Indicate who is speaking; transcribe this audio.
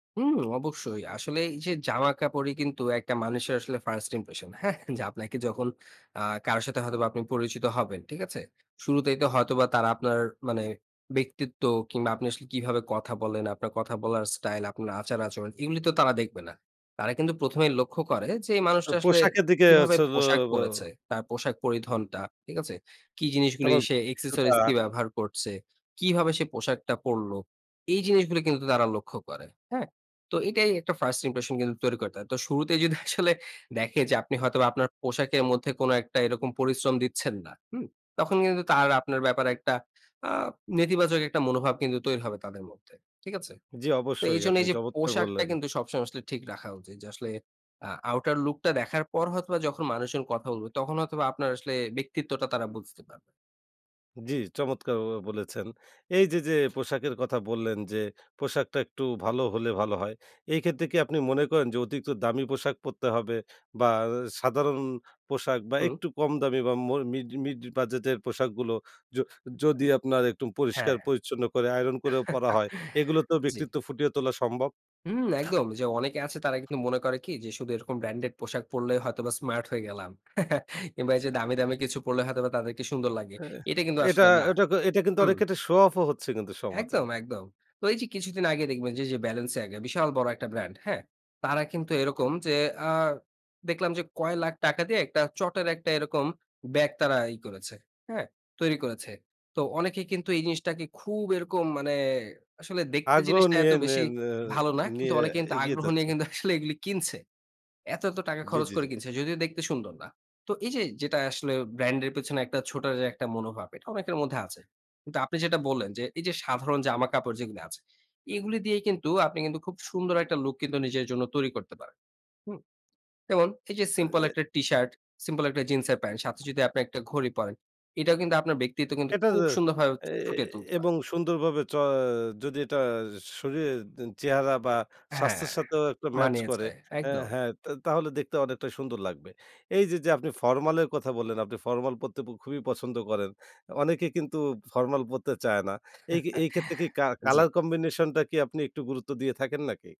Speaker 1: হুম, অবশ্যই। আসলে এই যে জামাকাপড়ই কিন্তু একটা মানুষের আসলে 1st impression হ্যাঁ? যে আপনাকে যখন আ কারো সাথে হয়তোবা আপনি পরিচিত হবেন। ঠিক আছে? শুরুতেই তো হয়তোবা তারা আপনার মানে ব্যক্তিত্ব, কিংবা আপনি আসলে কিভাবে কথা বলেন, আপনার কথা বলার স্টাইল, আপনার আচার আচরণ। এগুলি তো তারা দেখবে না। তারা কিন্তু ১ম এই লক্ষ্য করে যে এই
Speaker 2: অ
Speaker 1: মানুষটা আসলে
Speaker 2: পোশাকের দিকে। [unintelligible]
Speaker 1: কিভাবে পোশাক পড়েছে, তার পোশাক পরিধনটা। ঠিক আছে? কি জিনিসগুলো
Speaker 2: তারপর
Speaker 1: সে accessories
Speaker 2: অভিজ্ঞতা।
Speaker 1: কি ব্যাপার ব্যবহার করছে? কিভাবে সে পোশাকটা পড়ল? এই জিনিসগুলো কিন্তু তারা লক্ষ্য করে। হ্যাঁ? তো এটাই একটা 1st impression কিন্তু তৈরি করতে হয়। তো শুরুতেই যদি আসলে দেখে যে আপনি হয়তোবা আপনার পোশাকের মধ্যে কোন একটা এরকম পরিশ্রম দিচ্ছেন না। হুম? তখন কিন্তু তার আপনার ব্যাপারে একটা আ নেতিবাচক একটা মনোভাব কিন্তু তৈরি হবে তাদের মধ্যে। ঠিক আছে?
Speaker 2: জি,
Speaker 1: তো
Speaker 2: অবশ্যই
Speaker 1: এইজন্য
Speaker 2: আপনি
Speaker 1: এই যে
Speaker 2: চমৎকার
Speaker 1: পোশাকটা
Speaker 2: বললেন।
Speaker 1: কিন্তু সবসময় আসলে ঠিক রাখা উচিত। যে আসলে আ outer look টা দেখার পর হয়তোবা যখন মানুষজন কথা বলবে, তখন হয়তোবা আপনার আসলে ব্যক্তিত্বটা তারা বুঝতে পারবে।
Speaker 2: জি, চমৎকার ব বলেছেন। এইযে যে পোশাকের কথা বললেন। যে পোশাকটা একটু ভালো হলে ভালো হয়। এই ক্ষেত্রে কি আপনি মনে করেন যে অতিরিক্ত দামি পোশাক পরতে হবে? বা সাধারণ পোশাক বা
Speaker 1: হুম।
Speaker 2: একটু কম দামি বা মর মিড মিড বাজেটের পোশাকগুলো? য যদি আপনার একটু পরিষ্কার
Speaker 1: হ্যাঁ,
Speaker 2: পরিচ্ছন্ন করে আয়রন করেও পরা হয়। এগুলোতেও
Speaker 1: জি।
Speaker 2: ব্যক্তিত্ব ফুটিয়ে তোলা সম্ভব?
Speaker 1: হুম, একদম। যে অনেকে আছে তারা কিন্তু মনে করে কি, যে শুধু এরকম ব্র্যান্ডেড পোশাক পড়লেই হয়তোবা স্মার্ট হয়ে গেলাম। কিংবা এই যে দামি, দামি কিছু পড়লে হয়তোবা তাদেরকে সুন্দর লাগে।
Speaker 2: এ
Speaker 1: এটা কিন্তু
Speaker 2: এটা
Speaker 1: আসলে না।
Speaker 2: এটাক এটা কিন্তু
Speaker 1: হুম।
Speaker 2: অনেক ক্ষেত্রে শো অফও হচ্ছে কিন্তু সমাজে।
Speaker 1: একদম, একদম। তো এই যে কিছুদিন আগে দেখবেন যে এইযে 'Balenciaga' বিশাল বড় একটা ব্র্যান্ড। হ্যাঁ? তারা কিন্তু এরকম যে আ দেখলাম যে কয় লাখ টাকা দিয়ে একটা চটের একটা এরকম ব্যাগ তারা ই করেছে। হ্যাঁ? তৈরি করেছে। তো অনেকে কিন্তু এই জিনিসটাকে খুব এরকম মানে আসলে দেখতে
Speaker 2: আগ্রহ
Speaker 1: জিনিসটা এত
Speaker 2: নিয়ে নিয়ে
Speaker 1: বেশি
Speaker 2: নিয়ে
Speaker 1: ভালো না। কিন্তু
Speaker 2: নিয়ে
Speaker 1: অনেকে কিন্তু
Speaker 2: এগিয়ে
Speaker 1: আগ্রহ
Speaker 2: যাচ্ছে।
Speaker 1: নিয়ে কিন্তু আসলে এগুলি কিনছে। এত, এত টাকা
Speaker 2: জি,
Speaker 1: খরচ
Speaker 2: জি,
Speaker 1: করে
Speaker 2: জি।
Speaker 1: কিনছে, যদিও দেখতে সুন্দর না। তো এই যে যেটা আসলে ব্র্যান্ডের পেছনে একটা ছোটা যে একটা মনোভাব। এটা অনেকের মধ্যে আছে। কিন্তু আপনি যেটা বললেন, যে এই যে সাধারণ জামা কাপড় যেগুলি আছে। এগুলি দিয়েই কিন্তু আপনি কিন্তু খুব সুন্দর একটা লুক কিন্তু নিজের জন্য তৈরি করতে পারেন। হুম? যেমন এই যে সিম্পল
Speaker 2: [unintelligible]
Speaker 1: একটা টিশার্ট, সিম্পল একটা জিন্সের প্যান্ট সাথে যদি আপনি একটা ঘড়ি পরেন। এটাও কিন্তু আপনার ব্যক্তিত্ব কিন্তু
Speaker 2: এটা
Speaker 1: খুব
Speaker 2: যে
Speaker 1: সুন্দরভাবে
Speaker 2: এ
Speaker 1: ফুটিয়ে তুলতে পারে।
Speaker 2: এবং সুন্দরভাবে চ যদি এটা শরীরের চেহারা বা
Speaker 1: হ্যাঁ,
Speaker 2: স্বাস্থ্যের সাথেও একটা ম্যাচ করে।
Speaker 1: মানিয়েছে।
Speaker 2: অ্যা
Speaker 1: একদম।
Speaker 2: হ্যাঁ, তা তাহলে দেখতে অনেকটা সুন্দর লাগবে। এই যে যে আপনি ফরমালের কথা বললেন। আপনি ফরমাল পড়তে ব খুবই পছন্দ করেন। অনেকে কিন্তু ফরমাল পড়তে চায় না। এই এই ক্ষেত্রে কি কা
Speaker 1: জি।
Speaker 2: কালার কম্বিনেশনটা কি আপনি একটু গুরুত্ব দিয়ে থাকেন নাকি?